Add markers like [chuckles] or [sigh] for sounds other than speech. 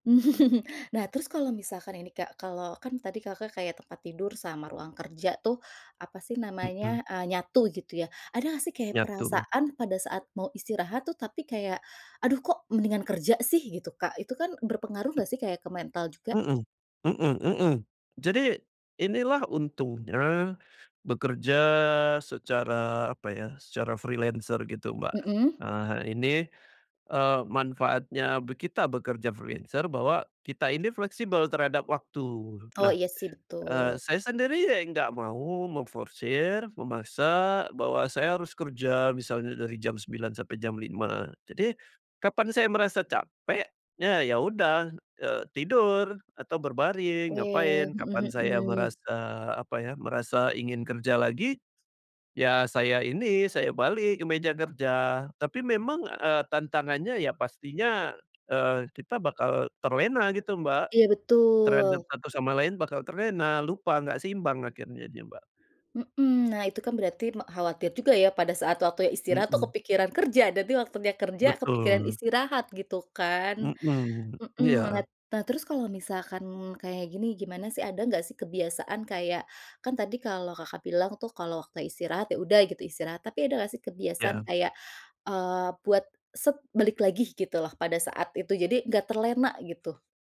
[chuckles] Nah, terus kalau misalkan ini, Kak, kalau kan tadi, Kakak, kayak tempat tidur sama ruang kerja tuh apa sih Mhm. namanya eee, nyatu gitu ya. Ada nggak sih kayak Nyatu. perasaan pada saat mau istirahat tuh tapi kayak, "Aduh kok mendingan kerja sih," gitu, Kak, itu kan berpengaruh nggak sih kayak ke mental juga? Mhm mhm mhm. Jadi inilah untungnya bekerja secara apa ya, secara freelancer gitu, Mbak. Mhm. Eee, ini, eee, manfaatnya be kita bekerja freelancer bahwa kita ini fleksibel terhadap waktu. Oh, Nah, iya sih eee, betul. saya sendiri nggak mau memforsir, memaksa bahwa saya harus kerja misalnya dari jam 9.00 sampai jam 5.00. Jadi kapan saya merasa capek, ya ya udah, eee, tidur atau berbaring, Oke, ngapain. Kapan mhm saya mhm. merasa apa ya, merasa ingin kerja lagi, ya saya ini saya balik ke meja kerja. Tapi memang, eee, tantangannya ya pastinya, eee, kita bakal terlena gitu, Mbak, Iya, terhadap betul. satu sama lain bakal terlena, lupa nggak seimbang akhirnya dia, Mbak. Mhm. Nah, itu kan berarti me khawatir juga ya pada saat waktunya istirahat tuh Mhm. kepikiran kerja, nanti waktunya kerja kepikiran Betul. istirahat gitu kan. Mhm. Mhm, Iya. malat nah, terus kalau misalkan kayak gini, gimana sih ada enggak sih kebiasaan kayak kan tadi kalau, Kakak, bilang tuh kalau waktu istirahat ya udah gitu istirahat, tapi ada enggak sih kebiasaan Ya. kayak, eee, buat set balik lagi gitu loh pada saat itu, jadi enggak terlena gitu?